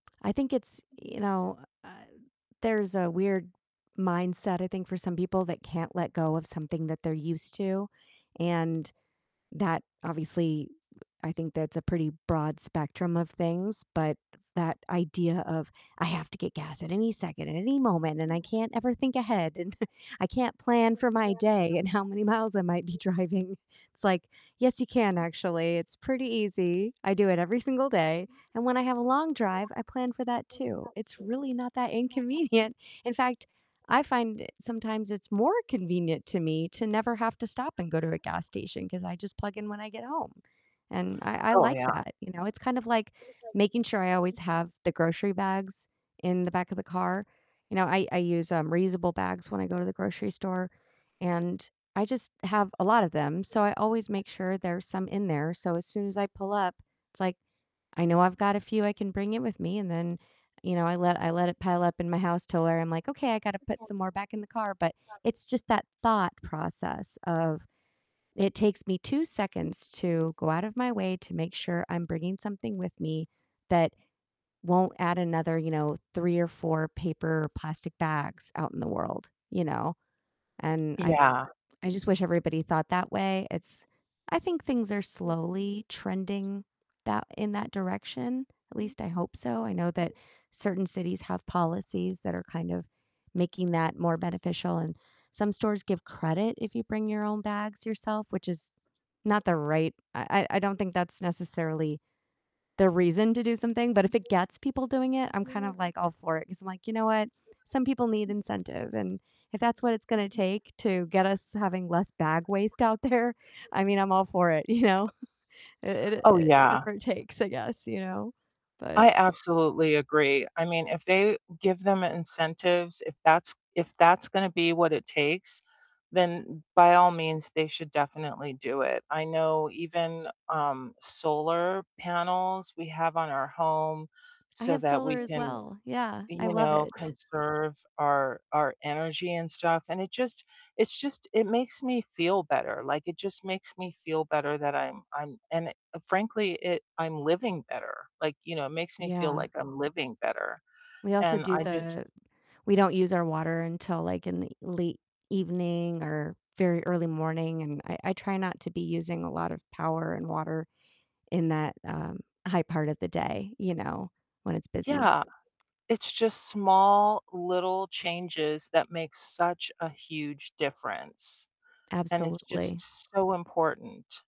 I think it's you know uh there's a weird mindset, I think for some people that can't let go of something that they're used to, and that obviously, I think that's a pretty broad spectrum of things, but that idea of, "I have to get gas at any second, at any moment, and I can't ever think ahead, and I can't plan for my day and how many miles I might be driving." It's like, "Yes, you can actually. It's pretty easy, I do it every single day," and when I have a long drive, I plan for that too it's really not that inconvenient. In fact, I find sometimes it's more convenient to me to never have to stop and go to a gas station 'cause I just plug in when I get home and I I Oh, like yeah. that, you know? It's kind of like making sure I always have the grocery bags in the back of the car you know, I I use, um, reusable bags when I go to the grocery store and I just have a lot of them, so I always make sure there's some in there, so as soon as I pull up, it's like I know I've got a few I can bring in with me, and then, you know, I let I let it pile up in my house till where I'm like, "Okay, I gotta put some more back in the car," but it's just that thought process of it takes me 2 seconds to go out of my way to make sure I'm bringing something with me that won't add another, you know, 3 or 4 paper or plastic bags out in the world, you know, and I I Yeah. I just wish everybody thought that way. It's I think things are slowly trending that in that direction, at least I hope so, I know that certain cities have policies that are kind of making that more beneficial, and some stores give credit if you bring your own bags yourself, which is not the right I I I don't think that's necessarily the reason to do something, but if it gets people doing it, I'm kind of like all for it 'cause I'm like, you know what? Some people need incentive, and if that's what it's gonna take to get us having less bag waste out there, I mean, I'm all for it, you know, it Oh, it, yeah. whatever it takes, I guess you know, but I absolutely agree, I mean, if they give them incentives, if that's if that's gonna be what it takes, then by all means, they should definitely do it. I know even, um, solar panels we have on our home I so have that solar we as can, well, yeah, I you love know, it. conserve our our energy and stuff, and it just it's just, it makes me feel better, like, it just makes me feel better that I'm I'm and frankly it I'm living better, like, you know, it makes me feel Yeah. like I'm living better, We also and do I just the we don't use our water until like in the late evening or very early morning, and I I try not to be using a lot of power and water in that, um, high part of the day, you know, when it's busy. Yeah, it's just small little changes that make such a huge difference, and it's just Absolutely. so important.